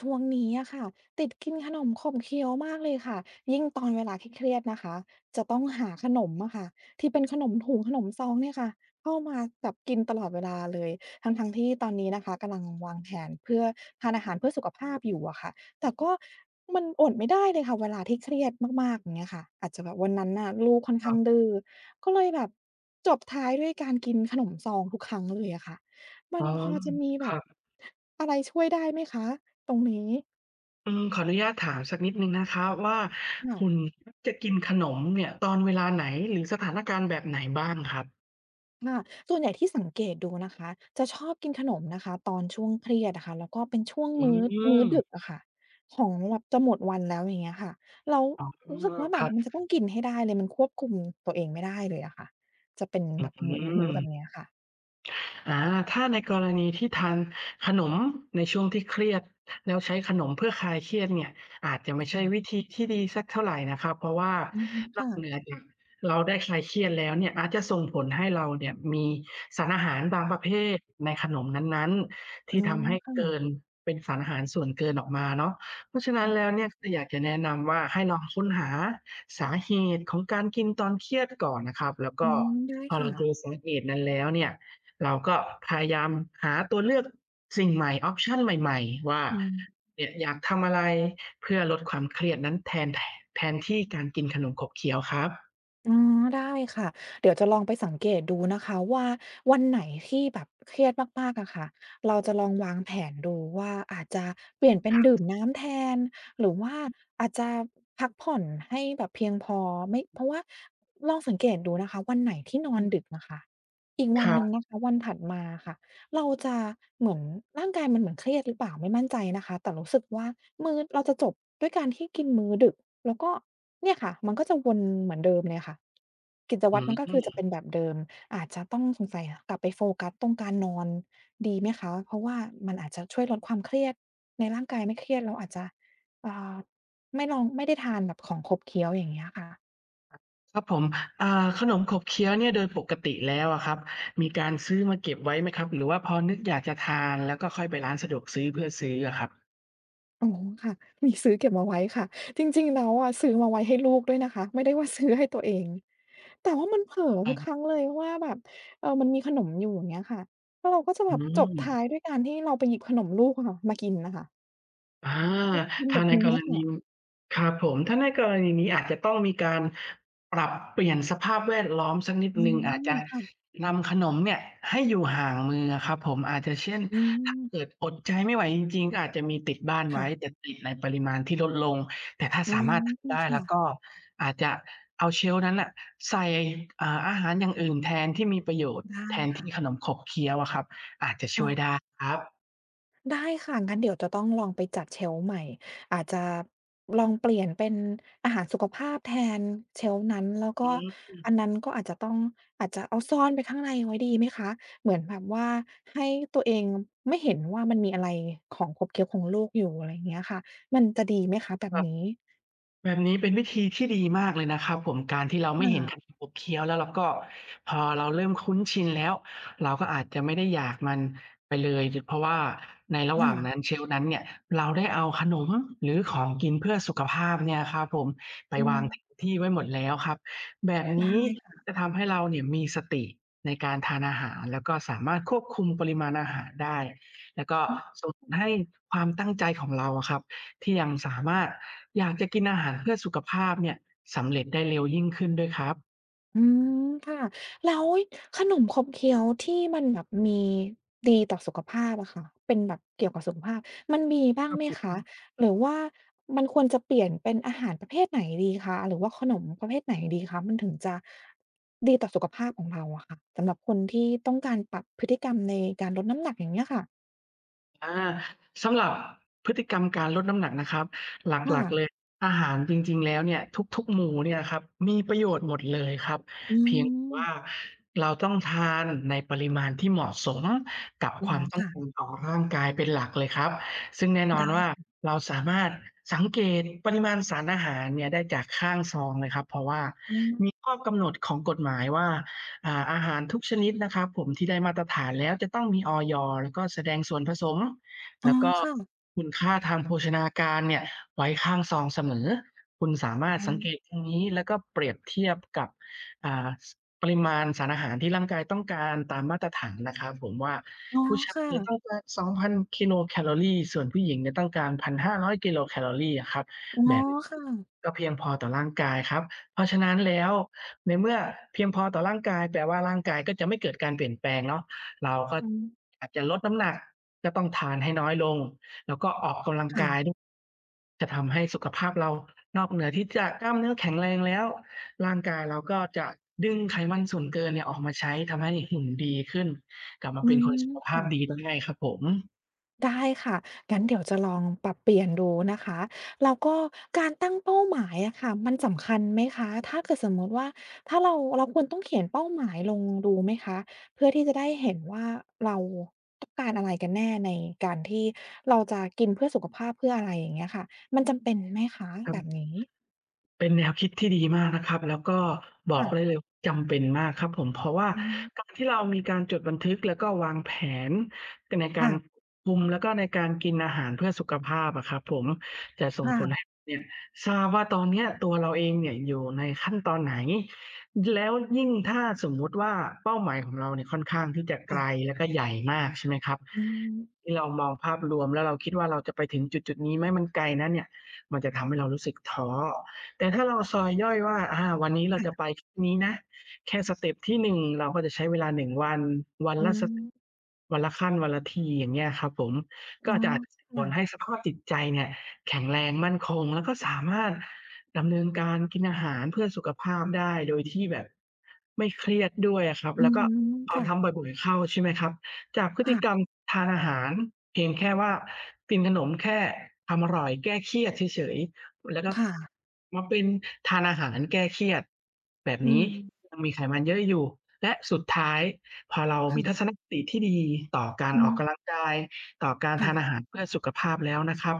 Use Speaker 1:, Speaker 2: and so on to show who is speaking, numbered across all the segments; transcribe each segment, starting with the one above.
Speaker 1: ช่วงนี้อะค่ะติดกินขนมขบเคี้ยวมากเลยค่ะ ยิ่งตอนเวลาเครียด ๆ นะคะ จะต้องหาขนมอะค่ะที่เป็นขนมถุงขนมซองเนี่ยค่ะเอามาแบบกินตลอดเวลาเลย ทั้ง ๆ ที่ ตอนนี้นะคะกำลังวางแผนเพื่อทานอาหารเพื่อสุขภาพอยู่อะค่ะ แต่ก็ มันอดไม่ได้เลยค่ะ เวลาที่เครียดมาก ๆ อย่างเงี้ยค่ะ อาจจะแบบวันนั้นน่ะลูกค่อนข
Speaker 2: ค
Speaker 1: ้
Speaker 2: ร
Speaker 1: า
Speaker 2: ั
Speaker 1: ง
Speaker 2: บ
Speaker 1: ดื้อ ก็เลยแบบจบท้ายด้วยการกินขนมซอง ทุกครั้ง เลยอะค่ะ ม
Speaker 2: อ
Speaker 1: ั
Speaker 2: ๋
Speaker 1: น
Speaker 2: อ
Speaker 1: พอจะมี
Speaker 2: ค
Speaker 1: แบ
Speaker 2: รั
Speaker 1: บ
Speaker 2: บ
Speaker 1: อะไรช่วยได้ไหมคะ ตรงนี้?
Speaker 2: อืม ขออนุญาตถามสักนิดหนึ่งนะครับว่า
Speaker 1: ค่
Speaker 2: ค
Speaker 1: ะ
Speaker 2: ุณมักจะกินขนมเนี่ยตอนเวลาไหน หรือสถานการณ์แบบไหนบ้างครับ?
Speaker 1: ค่ะ ส่วนใหญ่ที่สังเกตดูนะคะ จะชอบกินขนมนะคะตอนช่วงเครียดอะค่ะ แล้วก็เป็นช่วง
Speaker 2: อ
Speaker 1: ม
Speaker 2: ื
Speaker 1: ื้อ มื้อด
Speaker 2: ม
Speaker 1: ึกอะค่ะของแบบจะหมดวันแล้ว อย่างเงี้ยค่ะ แล้ว
Speaker 2: อ๋อ
Speaker 1: รู้สึกว่าแบ
Speaker 2: คร
Speaker 1: บ
Speaker 2: ับ
Speaker 1: มันจะต้องกินให้ได้เลย มันควบคุม ตัวเองไม่ได้เลยอะค่ะ จะเป็น
Speaker 2: อื
Speaker 1: แบบมือ มือ ม
Speaker 2: ม
Speaker 1: ื้อแบบนี้อะค่ะ
Speaker 2: อา ถ้าในกรณีที่ทานขนมในช่วงที่เครียด แล้วใช้ขนมเพื่อคลายเครียดเนี่ยอาจจะไ
Speaker 1: อ
Speaker 2: ม
Speaker 1: ื
Speaker 2: ่
Speaker 1: อ
Speaker 2: ใช่
Speaker 1: ค่ะ
Speaker 2: วิธีที่ดีสักเท่าไรนะครับ เพราะว่า
Speaker 1: อืม
Speaker 2: น
Speaker 1: ค่
Speaker 2: อ
Speaker 1: ะ
Speaker 2: กเหนือจากเราได้คลายเครียดแล้วเนี่ย อาจจะส่งผลให้เราเนี่ยมีสารอาหารบางประเภทในขนมนั้น ๆ ท
Speaker 1: อ๋
Speaker 2: ี่
Speaker 1: อ
Speaker 2: ทำให้
Speaker 1: ค่
Speaker 2: เก
Speaker 1: ะ
Speaker 2: ิน เป็นสารอาหารส่วนเกินออกมาเนาะ เพราะฉะนั
Speaker 1: อ
Speaker 2: ้
Speaker 1: ื
Speaker 2: น
Speaker 1: อ
Speaker 2: แล้วเนี่ย ก็อยากจะแนะนำว่า ให้ลองค้นหาสาเหตุของการกินตอนเครียดก่อนนะครับ แล้ว
Speaker 1: อ
Speaker 2: ก
Speaker 1: ื
Speaker 2: ็
Speaker 1: ม ได้
Speaker 2: พอ
Speaker 1: ค
Speaker 2: เ
Speaker 1: ่
Speaker 2: รา
Speaker 1: ะ
Speaker 2: เจอสาเหตุนั้นแล้วเนี่ย เราก็พยายามหาตัวเลือก สิ่งใหม่ ออปชัน ใหม่ ๆ ว่า
Speaker 1: อืม
Speaker 2: เนี่ย อยากทำอะไรเพื่อลดความเครียดนั้นแทน ท แทนที่การกินขนมขบเคี้ยวครับ
Speaker 1: อือ ได้ค่ะ เดี๋ยวจะลองไปสังเกตดูนะคะว่าวันไหนที่แบบเครียดมาก ๆ อะค่ะ เราจะลองวางแผนดูว่าอาจจะเปลี่ยนเป็น
Speaker 2: คร
Speaker 1: ดื่
Speaker 2: ับ
Speaker 1: มน้ำแทน หรือว่าอาจจะ พักผ่อนให้แบบเพียงพอ ไม่ เพราะว่า ลองสังเกตดูนะคะ วันไหนที่นอ
Speaker 2: อื
Speaker 1: น
Speaker 2: อ
Speaker 1: ดึกอะค่ะ อีก
Speaker 2: ค
Speaker 1: วัน
Speaker 2: ร
Speaker 1: หนึ่ง
Speaker 2: ับ
Speaker 1: นะคะ วันถัดมาค่ะ เราจะเหมือน ร่างกายมันเหมือนเครียดหรือเปล่า ไม่มั่นใจนะคะ แต่รู้สึกว่า มื้อ เราจะจบด้วยการที่กินมื้อดึก แล้วก็เนี่ยค่ะ มันก็จะวนเหมือนเดิมเลยค่ะ กิจ
Speaker 2: อ
Speaker 1: ว
Speaker 2: ื
Speaker 1: ัตรมันก็คือจะเ
Speaker 2: ม
Speaker 1: ป็นแบบเดิม อาจจะต้อง สงสัย กลับไปโฟกัสตรงการนอนดีไหมคะ เพราะว่ามันอาจจะช่วยลดความเครียดในร่างกาย ไม่เครียดเราอาจจะ อ่า ไม่ลอง ไม่ได้ทานแบบของขบเคี้ยว อย่างเงี้ยค่ะ
Speaker 2: ครับผม อา ขนมขบเคี้ยวเนี่ยโดยปกติแล้วอะครับมีการซื้อมาเก็บไว้ไหมครับ หรือว่าพอนึกอยากจะทานแล้วก็ค่อยไปร้านสะดวกซื้อเพื่อซื้ออะครับ?
Speaker 1: อ๋อ ค่ะ มีซื้อเก็บเอาไว้ค่ะ จริง ๆ แล้วอะซื้อมาไว้ให้ลูกด้วยนะคะ ไม่ได้ว่าซื้อให้ตัวเอง แต่ว่ามันเผลอ
Speaker 2: ค
Speaker 1: ทุกค
Speaker 2: รับ
Speaker 1: รั้งเลย ว่าแบบ เออ มันมีขนมอยู่ อย่างเงี้ยค่ะ แล้วเราก็จะ
Speaker 2: อ
Speaker 1: แบ
Speaker 2: ื
Speaker 1: บจบท้า
Speaker 2: ม
Speaker 1: ยด้วยการที่เราไปหยิบขนมลูกอะค่ะมากินน่ะค่ะ
Speaker 2: อา
Speaker 1: กิน
Speaker 2: ถ
Speaker 1: แ
Speaker 2: ้
Speaker 1: บ
Speaker 2: า
Speaker 1: บ
Speaker 2: ใน
Speaker 1: นี้
Speaker 2: กร
Speaker 1: อะค
Speaker 2: ณ
Speaker 1: ่
Speaker 2: ี
Speaker 1: ะ
Speaker 2: ครับผม ถ้าในกรณีนี้ อาจจะต้องมีการปรับเปลี่ยนสภาพแวดล้อมสักนิด
Speaker 1: อื
Speaker 2: หนึ่ง อาจจะ
Speaker 1: ม ค่ะ
Speaker 2: นำขนมเนี่ย ให้อยู่ห่างมืออะครับผม อาจจะ เช่น
Speaker 1: อื
Speaker 2: ถ้า
Speaker 1: ม
Speaker 2: เกิดอดใจไม่ไหวจริง ๆ ก็อาจจะมีติดบ้านไ
Speaker 1: ค
Speaker 2: ว
Speaker 1: ่
Speaker 2: ้
Speaker 1: ะ
Speaker 2: แต่ติดในปริมาณที่ลดลง แต่ถ้า
Speaker 1: อื
Speaker 2: สาม
Speaker 1: ม
Speaker 2: ารถทำได้
Speaker 1: ค
Speaker 2: แ
Speaker 1: ่
Speaker 2: ล้ว
Speaker 1: ะ
Speaker 2: ก็อาจจะเอา shelf นั้นน่ะใส่ อ่า อาหารอย่างอื่นแทน ที่มีประโยชน์
Speaker 1: ได้
Speaker 2: แทนท
Speaker 1: ค่
Speaker 2: ี่
Speaker 1: ะ
Speaker 2: ขนมขบเคี้ยวอะครับ อาจจะช
Speaker 1: อ๋
Speaker 2: ่วย
Speaker 1: อ
Speaker 2: ได้ครับ
Speaker 1: ได้ค่ะ งั้นเดี๋ยวจะต้องลองไปจัด shelf ใหม่ อาจจะลองเปลี่ยนเป็นอาหารสุขภาพแทน shelf นั้น แล้ว
Speaker 2: อ
Speaker 1: ก
Speaker 2: ื
Speaker 1: ็อ
Speaker 2: ม
Speaker 1: ันนั้นก็อาจจะต้อง อาจจะเอาซ่อนไปข้างในไว้ ดีไหมคะ? เหมือนแบบว่า ให้ตัวเองไม่เห็นว่า มันมีอะไรของขบเคี้ยวของลูกอยู่ อะไรเงี้ยค่ะ มันจะดีไหมคะแบ
Speaker 2: ค
Speaker 1: บ
Speaker 2: รับ
Speaker 1: นี้?
Speaker 2: แบบนี้เป็นวิธีที่ดีมากเลยนะครับผม การที่เราไ
Speaker 1: ค
Speaker 2: ม่เห็น
Speaker 1: ่ะ
Speaker 2: ขนมเคี้ยวแล้วล่ะก็ พอเราเริ่มคุ้นชินแล้ว เราก็อาจจะไม่ได้อยากมันไปเลย จ เพราะว่าในระห
Speaker 1: ค
Speaker 2: ว
Speaker 1: ่
Speaker 2: ่างน
Speaker 1: ะ
Speaker 2: ั้น shelf นั้นเนี่ย เราได้เอาขนม หรือของกินเพื่อสุขภาพเนี่ยครับผม ไป
Speaker 1: อื
Speaker 2: วาง
Speaker 1: ม
Speaker 2: ที่ไว้หมดแล้วครับ แบบ
Speaker 1: ไ
Speaker 2: น
Speaker 1: ด้
Speaker 2: ี้
Speaker 1: ค่ะ
Speaker 2: จะทำให้เราเนี่ย มีสติในการทานอาหาร แล้วก็สามารถควบคุมปริมาณอาหารได้ แล้วก็
Speaker 1: อื
Speaker 2: ส่ง
Speaker 1: ม
Speaker 2: ให้ความตั้งใจของเราอะครับ ที่ยังสามารถ อยากจะกินอาหารเพื่อสุขภาพเนี่ย สำเร็จได้เร็วยิ่งขึ้นด้วยครับ
Speaker 1: อืม ค่ะ แล้วขนมขบเคี้ยวที่มันแบบมี ดีต่อสุขภาพอะค่ะ เป็นแบบเกี่ยวกับสุขภาพ มันมีบ้าง
Speaker 2: ครั
Speaker 1: ไ
Speaker 2: บ
Speaker 1: หม
Speaker 2: ผ
Speaker 1: คะ
Speaker 2: ม
Speaker 1: หรือว่ามันควรจะเปลี่ยนเป็นอาหารประเภทไหนดีคะ หรือว่าขนมประเภทไหนดีคะ? มันถึงจะ ดีต่อสุขภาพของเราอะค่ะ สำหรับคนที่ต้องการปรับพฤติกรรมในการลดน้ำหนัก อย่างเงี้ยค่ะ
Speaker 2: อา สำหรับพฤติกรรมการลดน้ำหนักนะครับ ห
Speaker 1: ค่
Speaker 2: ลัก ๆ เ
Speaker 1: ะ
Speaker 2: ลย อาหารจริง ๆ แล้วเนี่ย ทุก ๆ หมู่เนี่ยนะครับมีประโยชน์หมดเลยครับ
Speaker 1: อื
Speaker 2: เพียงแต่ว่
Speaker 1: ม
Speaker 2: าเราต้องทานในปริมาณที่เหมาะสมกับ
Speaker 1: อ๋อ
Speaker 2: ความต้
Speaker 1: ค
Speaker 2: อง
Speaker 1: ่
Speaker 2: ก
Speaker 1: ะ
Speaker 2: ารต่อร่างกายเป็นหลักเลยครับ ซึ่งแน่น
Speaker 1: ไ
Speaker 2: อ
Speaker 1: ด้
Speaker 2: นว่า
Speaker 1: ค่ะ
Speaker 2: เราสามารถสังเกตปริมาณสารอาหารเนี่ยได้จากข้างซองเลยครับ เพราะว่า
Speaker 1: อื
Speaker 2: ม
Speaker 1: ม
Speaker 2: ีข้อกำหนดของกฎหมายว่า อ่า อาหารทุกชนิดนะครับผมที่ได้มาตรฐานแล้วจะต้องมี อย. แล้วก็แสดงส่วนผสม
Speaker 1: อ๋
Speaker 2: แล
Speaker 1: อ
Speaker 2: ้วก็
Speaker 1: ค่ะ
Speaker 2: คุณค่าทางโภชนาการเนี่ยไว้ข้างซองเสมอ คุณสามาร
Speaker 1: อ
Speaker 2: ถ
Speaker 1: ื
Speaker 2: สังเก
Speaker 1: ม
Speaker 2: ตตรงนี้แล้วก็เปรียบเทียบกับ อ่า ส ปริมาณสารอาหารที่ร่างกายต้องการตามมาตรฐานนะครับผม ว่า
Speaker 1: อ๋อ
Speaker 2: ผู้ชา
Speaker 1: ค
Speaker 2: ย
Speaker 1: ่
Speaker 2: เนี่ย
Speaker 1: ะ
Speaker 2: ต้องการ 2,000 กิโลแคลอรี ส่วนผู้หญิงเนี่ยต้องการ 1,500 กิโลแคลอรีอะครับ
Speaker 1: อ๋อ
Speaker 2: แบบ
Speaker 1: ค่ะ
Speaker 2: ก็เพียงพอต่อร่างกายครับ เพราะฉะนั้นแล้ว ในเมื่อเพียงพอต่อร่างกาย แปลว่าร่างกายก็จะไม่เกิดการเปลี่ยนแปลงเนาะ เราก็
Speaker 1: อืม
Speaker 2: อยากจะลดน้ำหนัก ก็ต้องทานให้น้อยลง แล้วก็ออกกำลัง
Speaker 1: ค่
Speaker 2: กาย
Speaker 1: ะ
Speaker 2: ด จะทำให้สุขภาพเรา นอกเหนือที่จะกล้ามเนื้อแข็งแรงแล้ว ร่างกายเราก็จะดึงไขมันส่วนเกินเนี่ยออกมาใช้ ทำให้หุ่นดีขึ้น กลับมา
Speaker 1: อื
Speaker 2: เป็น
Speaker 1: ม
Speaker 2: คนสุขภ
Speaker 1: ค
Speaker 2: า
Speaker 1: ่
Speaker 2: พ
Speaker 1: ะ
Speaker 2: ดีด้วยครับผม
Speaker 1: ได้ค่ะ งั้นเดี๋ยวจะลองปรับเปลี่ยนดูนะคะ แล้วก็การตั้งเป้าหมายอะค่ะมันสำคัญไหมคะ ถ้าเกิดสมมุติว่า ถ้าเรา เราควรต้องเขียนเป้าหมายลงดูไหมคะ เพื่อที่จะได้เห็นว่าเราต้องการอะไรกันแน่ในการที่เราจะกินเพื่อสุขภาพ เพื่ออะไรอย่างเงี้ยค่ะ มันจำเป็นไหมคะ
Speaker 2: ครั
Speaker 1: แ
Speaker 2: บ
Speaker 1: บบนี้?
Speaker 2: เป็นแนวคิดที่ดีมากนะครับ แล้วก็บ
Speaker 1: ค
Speaker 2: อ
Speaker 1: ่
Speaker 2: กได
Speaker 1: ะ
Speaker 2: ้เลยว่าจำเป็นมากครับผม เพราะว่า
Speaker 1: อืม
Speaker 2: การที่เรามีการจดบันทึก แล้วก็วางแผน ด ในก
Speaker 1: ค
Speaker 2: า
Speaker 1: ่
Speaker 2: ร
Speaker 1: ะ
Speaker 2: คุม แล้วก็ในการกินอาหารเพื่อสุขภาพอะครับผม จะส
Speaker 1: ค
Speaker 2: ่ง
Speaker 1: ่
Speaker 2: ผลให
Speaker 1: ะ
Speaker 2: ้เนี่ย ทราบว่าตอนเนี้ยตัวเราเองเนี่ยอยู่ในขั้นตอนไหน ย แล้วยิ่งถ้าสมมุติว่าเป้าหมายของเราเนี่ยค่อนข้างที่จะไ
Speaker 1: ค
Speaker 2: ก
Speaker 1: ่
Speaker 2: ล
Speaker 1: ะ
Speaker 2: แล้วก็ใหญ่มากใช่ไหมครับ
Speaker 1: อือฮึ
Speaker 2: ที่เรามองภาพรวม แล้วเราคิดว่า "เราจะไปถึงจุด ๆ นี้ไหม? มันไกลนะเนี่ย" มันจะทำให้เรารู้สึกท้อ แต่ถ้าเราซอยย่อยว่า "อา วันนี้เร
Speaker 1: ค
Speaker 2: าจ
Speaker 1: ่
Speaker 2: ะ
Speaker 1: ะ
Speaker 2: ไปแค่นี้นะ แค่สเตปที่ 1 เราก็จะใช้เวลา 1 วัน วัน
Speaker 1: อ๋
Speaker 2: ละ ส
Speaker 1: อ
Speaker 2: วันละขั้น วันละที" อย่างเงี้ยครับผม ก
Speaker 1: อ
Speaker 2: ็
Speaker 1: ๋อ
Speaker 2: จะ อาจ
Speaker 1: ค
Speaker 2: ผ
Speaker 1: ่
Speaker 2: ลใ
Speaker 1: ะ
Speaker 2: ห้สภาพจิตใจเนี่ยแข็งแรงมั่นคง แล้วก็สามารถดำเนินการกินอาหารเพื่อสุขภาพได้ โดยที่แบบไม่เครียดด้วยอะครับ
Speaker 1: อื
Speaker 2: แ
Speaker 1: ้
Speaker 2: ล้
Speaker 1: อ
Speaker 2: วก
Speaker 1: ฮ
Speaker 2: ็
Speaker 1: ือ
Speaker 2: พ
Speaker 1: ค
Speaker 2: อ
Speaker 1: ่
Speaker 2: ท
Speaker 1: ะ
Speaker 2: ำบ่อย ๆ เข้าใช่ไหมครับ จากพฤ
Speaker 1: ค
Speaker 2: ต
Speaker 1: ่
Speaker 2: ิ
Speaker 1: ะ
Speaker 2: กรรมทานอาหารเพียงแค่ว่ากินขนมแค่ทำ อร่อยแก้เครียดเฉย ๆ อ แล้วก็
Speaker 1: ค่ะ
Speaker 2: มาเป็นทานอาหารแก้เครียด แบบ
Speaker 1: อื
Speaker 2: นี้
Speaker 1: ม
Speaker 2: ยังมีไขมันเยอะอยู่ และสุดท้ายพอเรา
Speaker 1: ค
Speaker 2: ม
Speaker 1: ่
Speaker 2: ี
Speaker 1: ะ
Speaker 2: ทัศนคติที่ดีต่อกา
Speaker 1: อ
Speaker 2: ร
Speaker 1: ื
Speaker 2: ออก
Speaker 1: ม
Speaker 2: กำลังกาย ต่อการ
Speaker 1: ค่
Speaker 2: ทาน
Speaker 1: ะ
Speaker 2: อาหารเพื่อสุขภาพแล้วนะครับ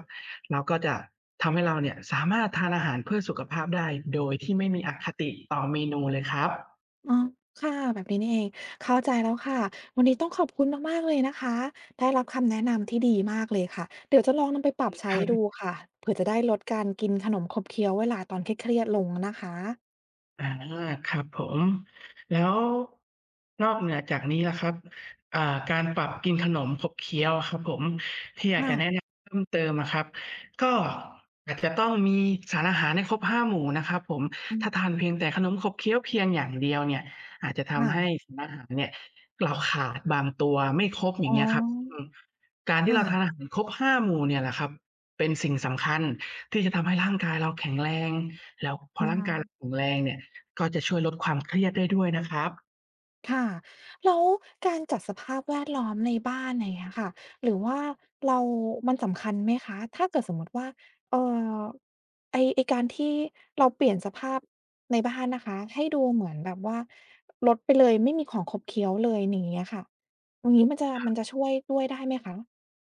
Speaker 2: เราก็จะ ทำให้เราเนี่ยสามารถทานอาหารเพื่อสุขภาพได้โดยที่ไม่มีอคติต่อเมนูเลยครับ
Speaker 1: อ๋อ ค่ะ แบบนี้นี่เอง เข้าใจแล้วค่ะ วันนี้ต้องขอบคุณมาก ๆ เลยนะคะ ได้รับคำแนะนำที่ดีมากเลยค่ะ เดี๋ยวจะลองนำไปปรับใช้ดู
Speaker 2: ค
Speaker 1: ค่ะ เผื่อจะได้ลดการกินขนมขบเคี้ยวเวลาตอนเครียด ๆ ลงนะคะ
Speaker 2: อา ครับผม แล้วนอกเหนือจากนี้ล่ะครับ เอ่อ การปรับกินขนมขบเคี้ยวครับผม ที่อยาก
Speaker 1: ค่
Speaker 2: จะ
Speaker 1: ะ
Speaker 2: แนะนำเพิ่มเติมอะครับ ก็อาจจะต้องมีสารอาหารให้ครบ 5 หมู่นะครับผม
Speaker 1: อื
Speaker 2: ถ้
Speaker 1: อ
Speaker 2: าทานเพียงแต่ขนมขบเคี้ยวเพียงอย่างเดียวเนี่ยอาจจะท
Speaker 1: ค่
Speaker 2: ำให้
Speaker 1: ะ
Speaker 2: สารอาหารเนี่ย เราขาดบางตัว ไม่ครบ อย
Speaker 1: อ
Speaker 2: ่
Speaker 1: ๋
Speaker 2: าง
Speaker 1: อ
Speaker 2: เงี้ยครับ อืม การท
Speaker 1: ค
Speaker 2: ี่
Speaker 1: ่
Speaker 2: เราทา
Speaker 1: ะ
Speaker 2: นอาหารครบ 5 หมู่เนี่ยแหละครับเป็นสิ่งสำคัญที่จะทำให้ร่างกายเราแข็งแรง แล้วพ
Speaker 1: ป
Speaker 2: อ
Speaker 1: ล
Speaker 2: ร่างกายเรา
Speaker 1: า
Speaker 2: แข็งแรงเนี่ย ก็จะช่วยลดความเครียดได้ด้วยนะครับ
Speaker 1: ค่ะ แล้วการจัดสภาพแวดล้อมในบ้าน อย่างเงี้ยค่ะ หรือว่าเรา มันสำคัญไหมคะ? ถ้าเกิดสมมุติว่า เอ่อ ไอ้ ไอ้การที่เราเปลี่ยนสภาพในบ้านนะคะให้ดูเหมือนแบบว่า ลดไปเลย ไม่มีของขบเคี้ยวเลย ใน อย่างเงี้ยค่ะ อย่างงี้มันจะ มันจะช่วยด้วยได้ไหมคะ?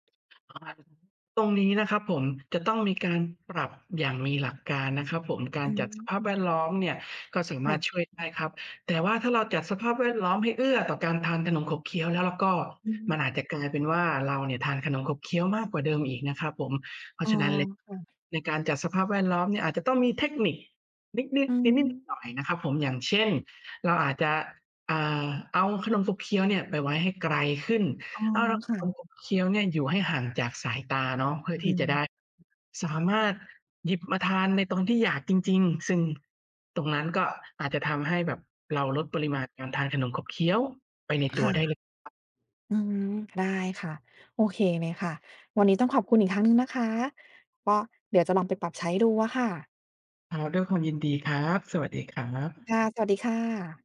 Speaker 2: [unintelligible] ตรงนี้นะครับผม จะต้องมีการปรับอย่างมีหลักการนะครับผม กา
Speaker 1: อ
Speaker 2: ร
Speaker 1: ื
Speaker 2: จัดสภาพแว
Speaker 1: ม
Speaker 2: ดล้อมเนี่ยก็สาม
Speaker 1: ค
Speaker 2: า
Speaker 1: ่
Speaker 2: รถ
Speaker 1: ะ
Speaker 2: ช่วยได้ครับ แต่ว่าถ้าเราจัดสภาพแวดล้อมให้เอื้อต่อการทานขนมขบเคี้ยวแล้วล่ะก็
Speaker 1: อื
Speaker 2: มัน
Speaker 1: อ
Speaker 2: อาจจะกลายเป็นว่าเราเนี่ยทานขนมขบเคี้ยวมากกว่าเดิมอีกนะครับผม เพร
Speaker 1: อ
Speaker 2: า
Speaker 1: ๋
Speaker 2: ะ
Speaker 1: อ
Speaker 2: ฉะนั้น ล
Speaker 1: ค่ะ
Speaker 2: ในการจัดสภาพแวดล้อมเนี่ยอาจจะต้องมีเทคนิคนิด
Speaker 1: อื
Speaker 2: ๆ นิด
Speaker 1: ม
Speaker 2: ๆ หน่อย ๆ นะครับผม อย่างเช่น เราอาจจะ อ่า เอาขนมขบเคี้ยวเนี่ยไปไว้ให้ไกลขึ้น
Speaker 1: อ๋อ
Speaker 2: เอา ร
Speaker 1: ค่ะ
Speaker 2: ขมขบเคี้ยวเนี่ยอยู่ให้ห่างจากสายตาเนาะ เพื่อ
Speaker 1: อื
Speaker 2: ที่จ
Speaker 1: ม
Speaker 2: ะได้สามารถหยิบมาทานในตรงที่อยากจริง ๆ ซึ่งตรงนั้นก็อาจจะทำให้แบบเราลดปริมาณการทานขนมขบเคี้ยว ไปในต
Speaker 1: ค
Speaker 2: ั
Speaker 1: ่
Speaker 2: ว
Speaker 1: ะ
Speaker 2: ได้เลย
Speaker 1: อืม ได้ค่ะ โอเคเลยค่ะ วันนี้ต้องขอบคุณอีกครั้งหนึ่งนะคะ ก็เดี๋ยวจะลองไปปรับใช้ดูอะค่ะ
Speaker 2: ครับ ด้วยความยินดีครับ สวัสดีครับ
Speaker 1: ค่ะ สวัสดีค่ะ